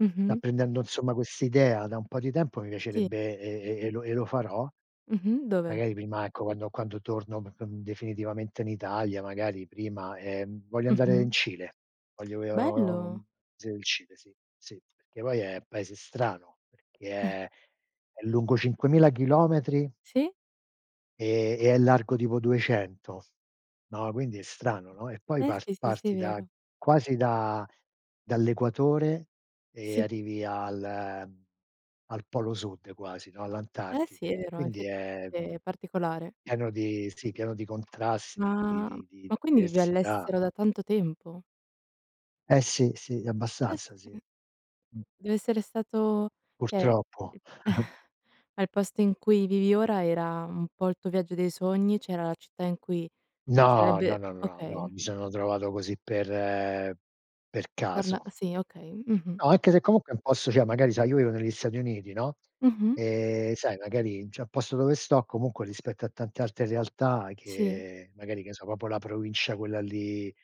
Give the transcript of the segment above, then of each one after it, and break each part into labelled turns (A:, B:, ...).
A: Mh-mh.
B: Apprendendo insomma quest'idea da un po' di tempo mi
A: Sì.
B: piacerebbe, e e e e lo e lo farò,
A: Mh-mh, dove?
B: magari prima, ecco, quando quando torno p c uhm, definitivamente in Italia, magari prima, ehm, voglio andare
A: Mh-mh.
B: in Cile, voglio io
A: Bello.
B: uhm, s il Cile sì, sì, perché poi è paese strano, perché è è lungo 5000 chilometri
A: Sì?
B: e e è largo tipo 200. No, quindi è strano, no? E poi
A: Eh
B: par
A: sì, sì, sì,
B: parti da
A: vero.
B: quasi da dall'equatore e
A: Sì.
B: arrivi al, uhm, al polo sud quasi, no,
A: Eh sì, è
B: all'Antartide. E
A: vero,
B: quindi è
A: effettivamente è particolare.
B: pieno di sì, pieno di contrasti, di di
A: Ma
B: di di
A: ma quindi vivi
B: diversità.
A: all'estero da tanto tempo?
B: Eh, sì, sì,
A: Eh,
B: abbastanza sì.
A: sì.
B: Mh.
A: Dev'essere stato cioè
B: Purtroppo.
A: ma il posto in cui vivi ora era un po' il tuo viaggio dei sogni, cioè, era la città in cui
B: No, no,
A: sarebbe
B: no, no, no, no,
A: okay.
B: mi sono trovato così per per
A: Parla
B: caso.
A: sì, okay. Mh-mh.
B: No, anche se comunque è un posto, cioè magari, sai, io vivo negli Stati Uniti, no?
A: Mh-mh.
B: Ehm, sai, magari n c'è un posto dove sto comunque rispetto a tante altre realtà
A: Sì.
B: che magari che ne so, proprio la provincia quella lì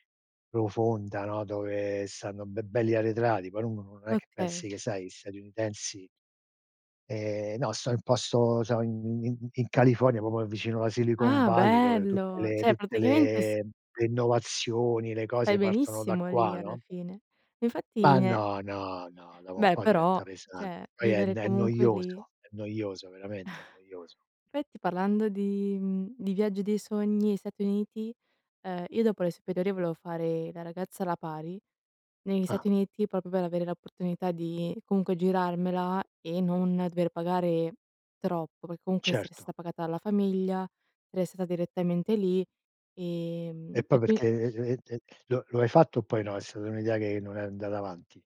B: profonda, no, dove stanno be belli arretrati, poi uno no non è che pensi
A: Okay.
B: che, sai, gli statunitensi Ehm, no, sto in posto so in in in California proprio vicino alla Silicon
A: Ah,
B: Valley, dove tutte
A: bello,
B: le
A: cioè
B: tutte
A: praticamente s
B: le le innovazioni, le
A: Stai
B: cose partono da
A: benissimo lì,
B: qua,
A: alla
B: no?
A: fine. Ma infatti,
B: Ma
A: ne
B: no, no, no, dopo un
A: Beh,
B: po'
A: però,
B: diventa
A: cioè
B: pesante. Poi è
A: vivere
B: n è
A: comunque lì
B: noioso, è noioso veramente, è noioso.
A: Effetti, parlando di mhmm, di viaggio dei sogni i Stati Uniti, ehm, io dopo le superiori volevo fare da ragazza alla pari negli Stati
B: Ah.
A: Uniti proprio per avere la opportunità di, comunque, girarmela e non dover pagare troppo, perché comunque essere
B: Certo.
A: sta pagata alla famiglia, restata direttamente lì.
B: E
A: Ehm,
B: poi
A: e qui
B: perché e et e lo lo hai fatto o poi no? È stata un'idea che non è andata avanti?